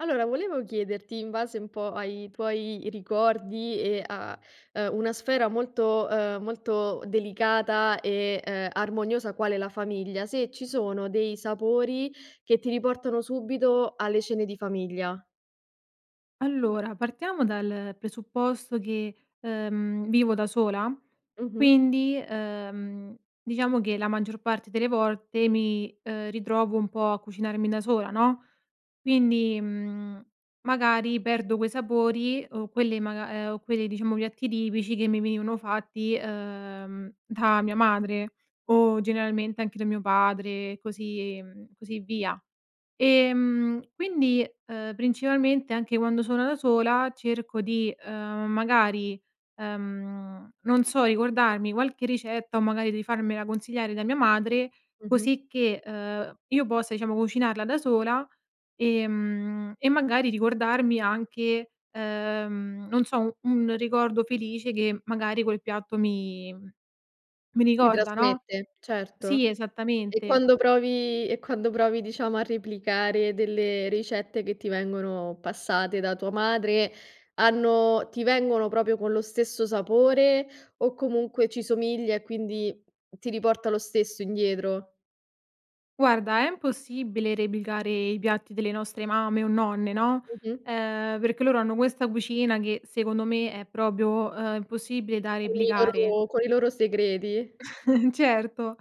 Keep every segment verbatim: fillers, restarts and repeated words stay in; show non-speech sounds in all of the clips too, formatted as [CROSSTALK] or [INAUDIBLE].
Allora, volevo chiederti in base un po' ai tuoi i ricordi, e a, ehm, una sfera molto, uhm, molto delicata, e, uhm, armoniosa quale la famiglia, se ci sono dei sapori che ti riportano subito alle cene di famiglia. Allora, partiamo dal presupposto che, uhm, vivo da sola, Mh-mh. quindi, uhm, diciamo che, la maggior parte delle volte mi, uhm, ritrovo un po' a cucinarmi da sola, no, quindi, mhmm, magari, perdo quei sapori, o quelle maga uhm, o quelle diciamo piatti tipici che mi venivano fatti, uhm, da mia madre, o generalmente anche da mio padre e così, mhmm, così via. Ehm, quindi, uhm, principalmente anche quando sono da sola cerco di uhm, magari, uhm, non so, ricordarmi qualche ricetta o, magari, di farmela consigliare da mia madre Mh-mh. così che, uhm, io possa, diciamo, cucinarla da sola, ehm, e magari, ricordarmi anche, uhm, non so u un ricordo felice che, magari, quel piatto mi mi Ti ricorda, no? trasmette? Certo. Sì. E Esattamente. quando provi e quando provi, diciamo, a replicare delle ricette che ti vengono passate da tua madre, hanno ti vengono proprio con lo stesso sapore, o, comunque, ci somiglia e quindi ti riporta lo stesso indietro? Guarda, è mpossibile replicare i piatti delle nostre mamme o nonne, no, Mh-mh. uhm, perché loro hanno questa cucina che, secondo me è propio, uhm, impossibile da Con i replicare. loro con i loro segreti? [CHUCKLES] Certo.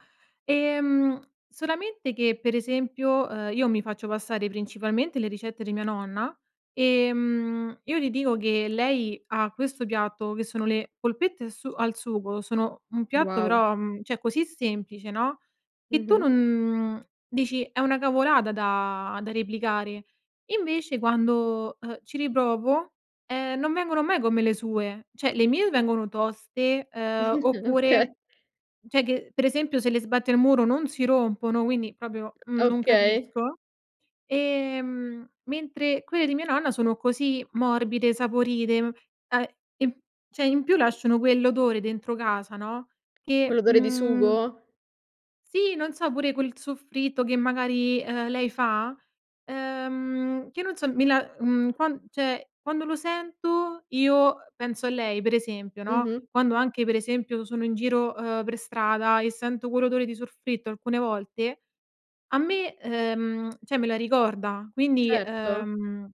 Ehm, solamente che, per esempio, uhm, io mi faccio passare principalmente le ricette di mia nonna e, mhmm, io gli dico che lei ha questo piatto che sono le polpette su al sugo sono un piatto, Wow. però, mhmm, cioè, così semplice, no, che tu Mh-mh. non mhmm, dici: "È una cavolata da da replicare". Invece, quando, uhm, ci riprovo, ehm, non vengono mai come le sue. Cioè, le mie vengono toste, uhm, [GIGGLES] oké. oppure, cioè, che, per esempio, se le sbatti al muro non si rompono, quindi propio, mhmm, non Okay. capisco. Ehm, mentre quelle di mia nonna sono così morbide, saporite a e cioè, in più lasciano quell'odore dentro casa, no, Con che, l'odore di mhmm sugo? Sì. Non so, pure quel soffritto che magari, uhm, lei fa, uhm, che non so, mi la mhmm quan cioè quando, lo sento io, uhm, penso a lei per esempio, no, Mm-mh. quando anche, per esempio, sono in giro, uhm, per strada e sento quell'odore di sorfritto alcune volte, a me uhm, [CLICKS TONGUE] cioè, me la ricorda. Quindi, Certo. uhm,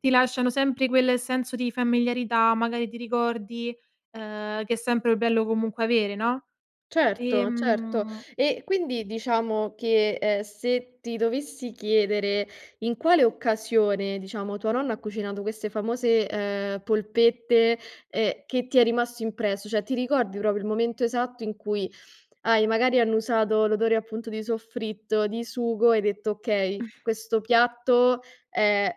ti lasciano sempre quel senso di familiarità, magari, ti ricordi, uhm, che è sempre bello comunque avere, no, Certo. Certo. ehm E, quindi diciamo che, ehm, se ti dovessi chiedere in quale occasione, diciamo, tua nonna ha cucinato queste famose, uhm, polpette, ehm, che ti è rimasto impresso? Cioè, ti ricordi proprio il momento esatto in cui hai, magari, annusato l'odore appunto di soffritto, di sugo e hai detto: "Okay, [CHUCKLES] questo piatto è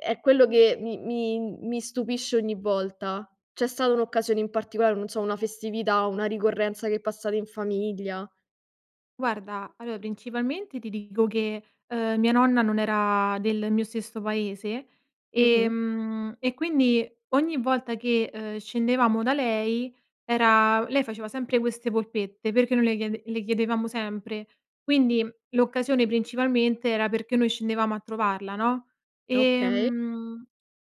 è quello che mi mi m mi stupisce ogni volta?" C'è stata un'occasione in particolare, non so, una festività, o una ricorrenza che passate in famiglia? Guarda, allò, principalmente, ti dico che, uhm, mia nonna non era del mio stesso paese, Mh-mh. ehm, e quindi, ogni volta che, uhm, scendevamo da lei, era lei faceva sempre queste polpette, perché noi le chiede le chiedevamo sempre. Quindi, l'occasione principalmente, era perché noi scendevamo a trovarla, no? Okay. Ehm,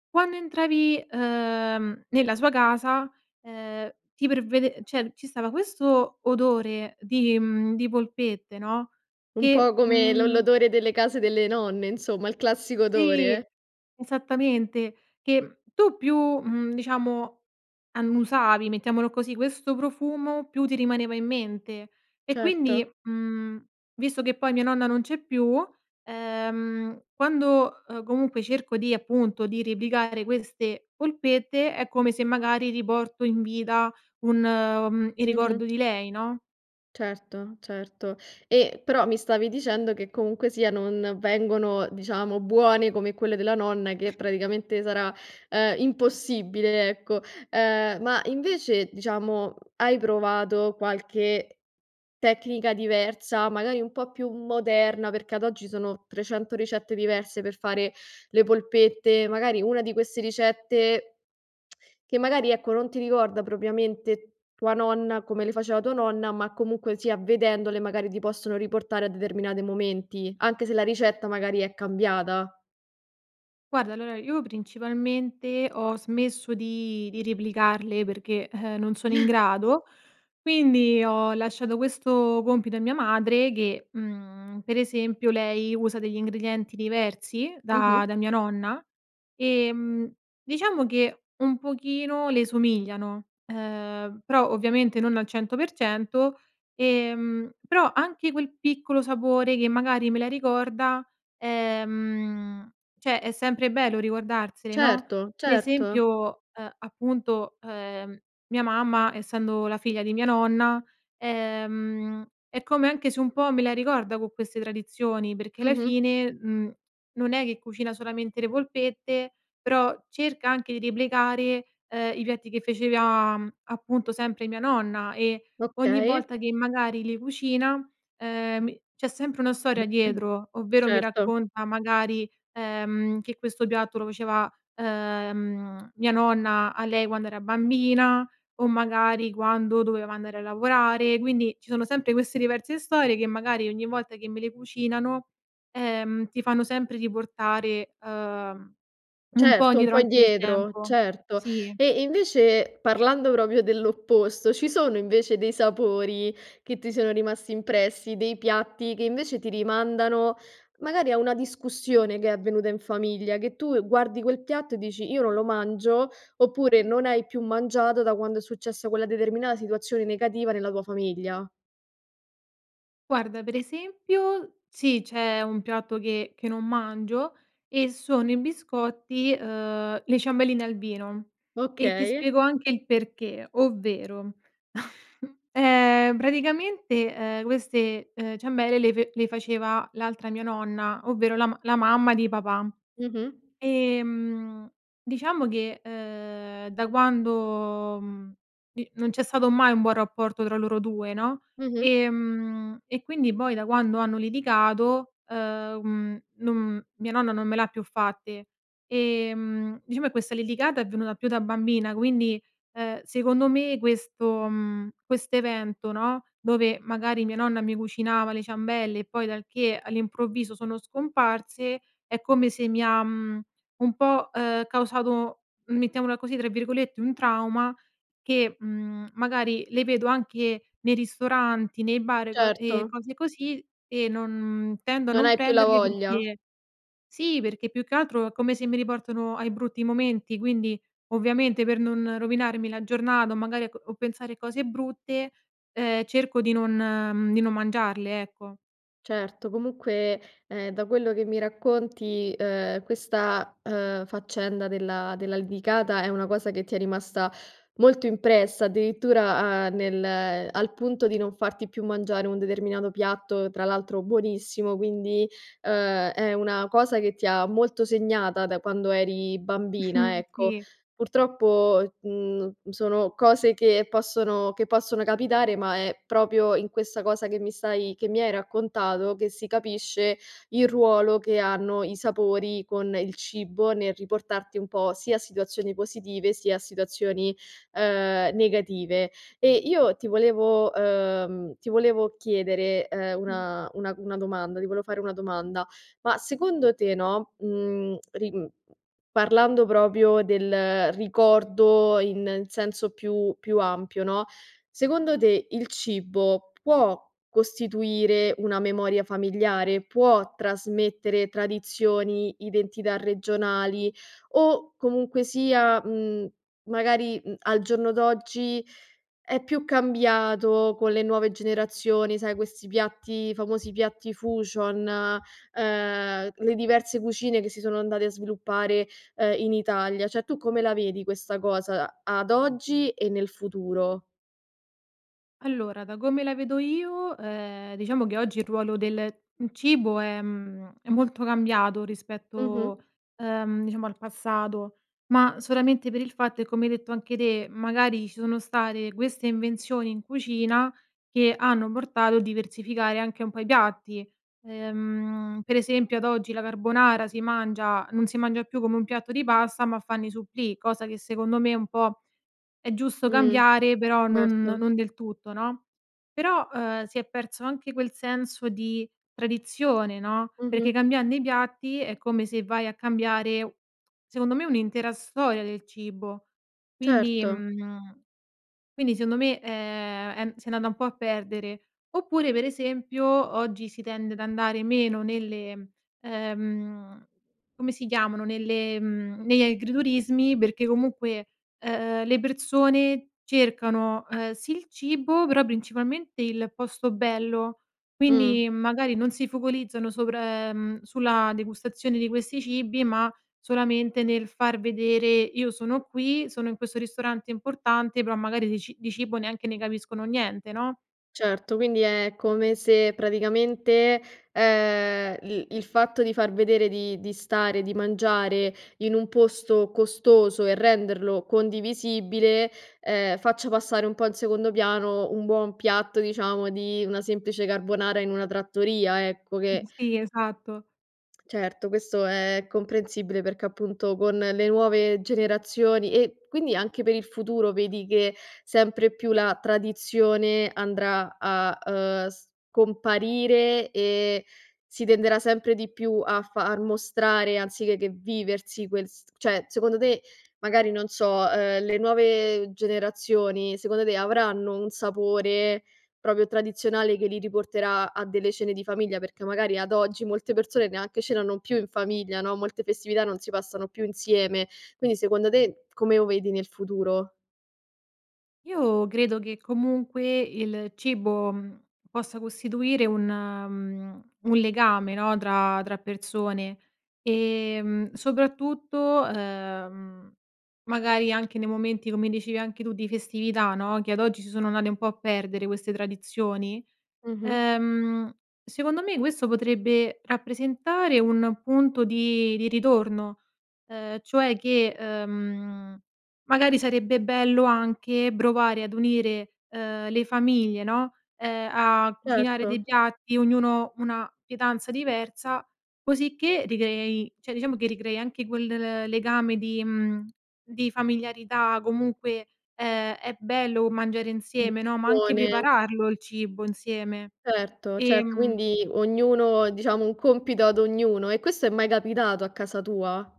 quando entravi, uhm, nella sua casa, ehm, ti pervede cioè, ci stava questo odore di, mhmm, di polpette, no, Un po' che, come l'o mhmm l'odore delle case delle nonne, insomma, il classico Sì, odore? esattamente, che tu più, mhmm, diciamo, annusavi, mettiamolo così, questo profumo, più ti rimaneva in mente. E, quindi, Certo. mhmm, visto che poi mia nonna non c'è più, ehm, quando, uhm, comunque cerco di appunto, di replicare queste polpette, è come se magari riporto in vita un uhm, il ricordo Mh-mh. di lei, no? Certo. Certo. E, però, mi stavi dicendo che, comunque sia non vengono, diciamo, buone come quelle della nonna, che praticamente sarà, uhm, impossibile, ecco. Uhm, ma invece, diciamo, hai provato qualche tecnica diversa, magari, un po' più moderna, perché ad oggi sono trecento ricette diverse per fare le polpette, magari una di queste ricette, [CLICKS TONGUE] che magari, ecco, non ti ricorda propriamente tua nonna come le faceva tua nonna, ma comunque sia, vedendole, magari, ti possono riportare a determinate momenti, anche se la ricetta, magari, è cambiata? Guarda. Allora, io principalmente ho smesso di di replicarle perché, uhm, non sono in [CHUCKLES] grado, quindi ho lasciato questo compito a mia madre che, mhmm, per esempio, lei usa degli ingredienti diversi da Mh-mh. da mia nonna. Ehm, diciamo che un pochino le somigliano, uhm, prò ovviamente non al cento per cento, ehm, però, anche quel piccolo sapore che, magari, me la ricorda, ehm, cioè, è sempre bello ricordarsele, no? Certo. Per Certo. esempio, uhm, appunto, uhm, mia mamma, essendo la figlia di mia nonna, ehm, è come anche se un po' me la ricorda con queste tradizioni perché la Mh-mh. fine, mhmm, non è che cucina solamente le polpette, però cerca anche di replicare, uhm, i piatti che fecevia, appunto, sempre mia nonna, e ogni Okay. volta che, magari, li cucina, uhm, m c'è sempre una storia [CLEARS THROAT] dietro, ovvero mi Certo. racconta magari, ehm, che questo piatto lo faceva, uhm, mia nonna a lei quando era bambina, o magari, quando doveva andare a lavorare. Quindi, ci sono sempre queste diverse storie che, magari, ogni volta che me le cucinano, ehm, ti fanno sempre riportare, uhm, un po' Certo, un indietro po' anche nel indietro. tempo. Certo. Sì. E, invece, parlando propio dell'opposto, ci sono invece dei sapori che ti sono rimasti impressi, dei piatti che, invece, ti rimandano, magari, a una discussione che è avvenuta in famiglia, che tu guardi quel piatto e dici: "Io non lo mangio". Oppure, non hai più mangiato da quando è successa quella determinata situazione negativa nella tua famiglia? Guarda, per esempio, sì, c'è un piatto che che non mangio e sono i biscotti, uhm, le ciambelline al vino, e ti Okay. spiego anche il perché, ovvero, [CHUCKLES] ehm, braticamente, ehm, queste, uhm, ciambelle le fe le faceva l'altra mia nonna, ovvero la ma la mamma di papà. Mh-mh. Ehm, diciamo che, uhm, da quando, mhmm, di non c'è stato mai un buon rapporto tra loro due, no, Mh-mh. Ehm, e quindi boi da quando hanno litigato, uhm, mhmm, non mia nonna non me l'ha più fatte, e, mhmm, diciamo che questa liligata è venuta più da bambina quindi, ehm, secondo me questo mhmm, questo evento, no, dove magari mia nonna mi cucinava le ciambelle e poi dal che all'improvviso sono scomparse, è come se mi ha, mhmm, un po', uhm, causato, mettiamola così, tra virgolette "un trauma" che, mhmm, magari le vedo anche nei ristoranti, nei bar e co e Certo. cose così, e non tendo a Non non hai più la prenderli voglia. perché sì, perché più che altro è come se mi riportano ai brutti momenti quindi, ovviamente, per non rovinarmi la giornata o magari a co o pensare cose brutte, ehm, cerco di non mhmm, di non mangiarle, ecco. Certo, comunque, ehm, da quello che mi racconti, uhm, questa, uhm, faccenda della della lidicata è una cosa che ti è rimasta molto impressa, addirittura, uhm, nel al punto di non farti più mangiare un determinato piatto, tra l'altro buonissimo, quindi, uhm, è una cosa che ti ha molto segnata da quando eri bambina, Mh. ecco. Sì. Purtroppo, mhmm, n sono cose che possono che possono capitare, ma è propio in questa cosa che mi stai che mi hai raccontato, che si capisce il ruolo che hanno i sapori con il cibo nel riportarti un po' sia a situazioni positive sia a situazioni, uhm, negative. E io ti volevo uhm, ti volevo chiedere, ehm, [UNINTELLIGIBLE] una una c una domanda ti volevo fare una domanda. Ma secondo te, no, mhmm, ri mhmm, parlando propio del ricordo in in senso più più ampio, no, secondo te, il cibo può costituire una memoria familiare? Può trasmettere tradizioni, identità regionali o comunque sia, mhmm, magari, mhmm, al giorno d'oggi è più cambiato con le nuove generazioni, sai questi piatti i famosi piatti fusion, ehm, le diverse cucine che si sono andate a sviluppare, ehm, in Italia. ceh, tu come la vedi questa cosa a ad oggi e nel futuro? Allora, da come la vedo io, ehm, diciamo che oggi il ruolo del, mhmm, cibo è mhmm è molto cambiato Mh-mh rispetto, ehm, diciamo al passato, ma solamente per il fatto e come hai detto anche te, magari ci sono state queste invenzioni in cucina che hanno portato a diversificare anche un po' i piatti, ehm, per esempio ad oggi la carbonara si mangia non si mangia più come un piatto di pasta ma fanno i supplì, cosa che secondo me è un po' è giusto Mh, cambiare, però non erto. non del tutto, no, però, uhm, si è perso anche quel senso di tradizione, no, perché Mh-mh. cambiando i piatti è come se vai a cambiare u secondo me, un'intera storia del cibo, quindi Certo. mhmm, quindi seondo me, ehm, è mhmm, s'è andata un po' a perdere. Oppure, per esempio, oggi si tende ad andare meno nelle ehm, come si chiamano nelle mhmm, negli agriturismi perché comunque, ehm, le persone cercano, uhm, sì il cibo, però principalmente il posto bello, Mh. quindi magari non si focolizzano sopra uhm, sulla degustazione di questi cibi, ma solamente nel far vedere: "Io sono qui, sono in questo ristorante importante." Però magari di ci di cibo neanche ne capiscono niente no? Certo, quindi è come se, praticamente, ehm, l il fatto di far vedere di di stare, di mangiare, in un posto costoso e renderlo condivisibile, ehm, faccia passare un po' in secondo piano un buon piatto, diciamo, di una semplice carbonara in una trattoria, ecco, che Sì, esatto. Certo, questo è è comprensibile, perchè appunto con le nuove generazioni e quindi anche per il futuro vedi che sempre più la tradizione andrà a, uhm, scomparire e si tenderà sempre di più a far mostrare anzichè che viversi quel s ceh, secondo te, magari non so, uhm, le nuove generazioni, secondo te avranno un sapore propio tradizionale che li riporterà a delle cene di famiglia? Perchè magari ad oggi molte persone neanche ce l'hanno più in famiglia, no, molte festività non si passano più insieme, quindi secondo te, come o vedi nel futuro? Io credo che comunque il cibo, mhmm, possa costituire un mhmm, un legame, no, tra tra persone, ehm, soprattutto, uhm, magari anche nei momenti, come dicevi anche tu, di festività, no, che ad oggi si sono andate un po' a perdere queste tradizioni, Mh-mh. uhm, secondo me questo potrebbe rappresentare un punto di di ritorno, uhm, cioè, che, uhm, magari sarebbe bello anche brovare ad unire, ehm, le famiglie, no, ehm, a cucinare dei Certo. piatti, ognuno una pietanza diversa, cosicché ricreiei ceh, diciamo che ricrei anche quel l legame di mhmm, di familiarità comunque, ehm, è bello mangiare insieme, no, ma anche Buone! prepararlo il cibo insieme. Certo, certo, Ehm quindi ognuno diciamo, un compito ad ognuno e questo è mai capitato a casa tua?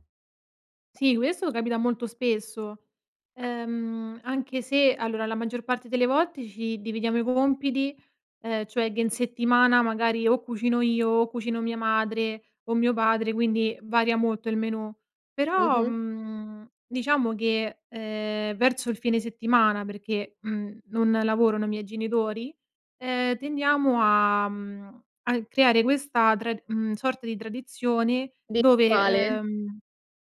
Sì, questo capita molto spesso, uhm, anche se allora la maggior parte delle volte ci dividiamo i compiti, ehm, cioè che in settimana magari o cucino io, o cucino mia madre o mio padre, quindi varia molto il menù, però, Mh-mh. mhmm, diciamo che, ehm, verso il fine settimana perché, mhmm, non lavorano i miei genitori, ehm, tendiamo a mhmm, a e creare questa trad mhmm, sorta di tradizione, Di quale? dove uhm,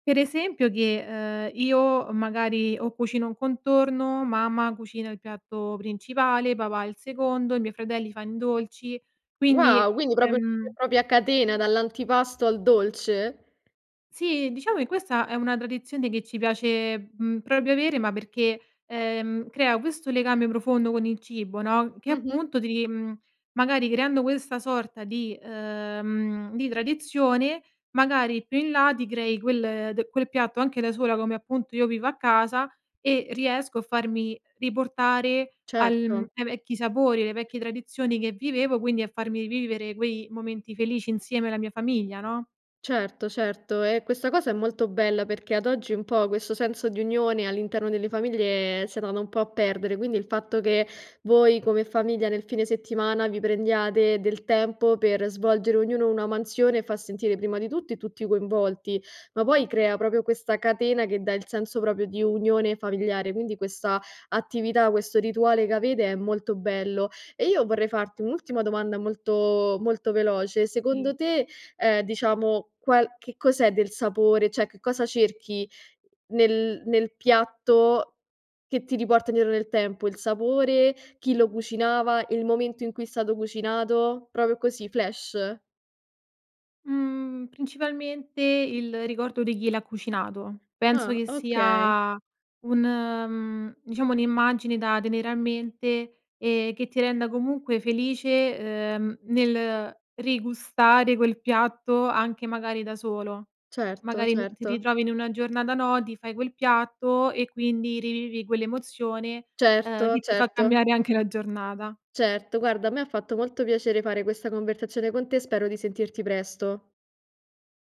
per esempio che, uhm, io, uhm, magari o cucino un contorno, mamma cucina il piatto principale, papà il secondo, i miei fratelli fan i dolci, quindi, Wow, quindi propio [UNINTELLIGIBLE] ehm propio a catena, dall'antipasto al dolce? Sì, diciamo che questa è una tradizione che ci piace, mhmm, propio avere ma perché, ehm, crea questo legame profondo con il cibo, no, che Mh-mh. appunto ti ri mhmm, magari creando questa sorta di uhm, di tradizione, magari più in là ti crei quel d quel piatto anche da sola, come appunto, io vivo a casa e riesco a farmi riportare al mhmm, Certo. ai vecchi sapori, alle vecchie tradizioni che vivevo, quindi a farmi vivere quei momenti felici insieme alla mia famiglia, no? Certo, certo, ehm, questa cosa è molto bella perché ad oggi un po' questo senso di unione all'interno delle famiglie s'è andato un po' a perdere, quindi il fatto che voi come famiglia nel fine settimana vi prendiate del tempo per svolgere ognuno una mansione fa sentire, prima di tutti, tutti coinvolti, ma poi crea propio questa catena che dà il senso proprio di unione familiare, quindi questa attività, questo rituale che avete è molto bello; e io vorrei farti un'ultima domanda molto molto veloce, tì. secondo te, ehm, diciamo, qual che cos'è del sapore ceh, che cosa cerchi nel nel piatto che ti riporta indietro nel tempo? Il sapore, chi lo cucinava, il momento in cui è stato cucinato? propio così, flash. Mhmm, principalmente il ricordo di chi l'ha cucinato. Penso Ah. che Okay. sia un mhmm, diciamo un'immagine da tenere a mente, ehm, che ti renda comunque felice, uhm, nel rigustare quel piatto anche magari da solo. Certo, Magari n ti certo. ritrovi in una giornata no, ti fai quel piatto e quindi rivivi quell'emozione, uhm, Certo, che ti fa certo. cambiare anche la giornata. Certo, guarda a me ha fatto molto piacere fare questa conversazione con te, spero di sentirti presto.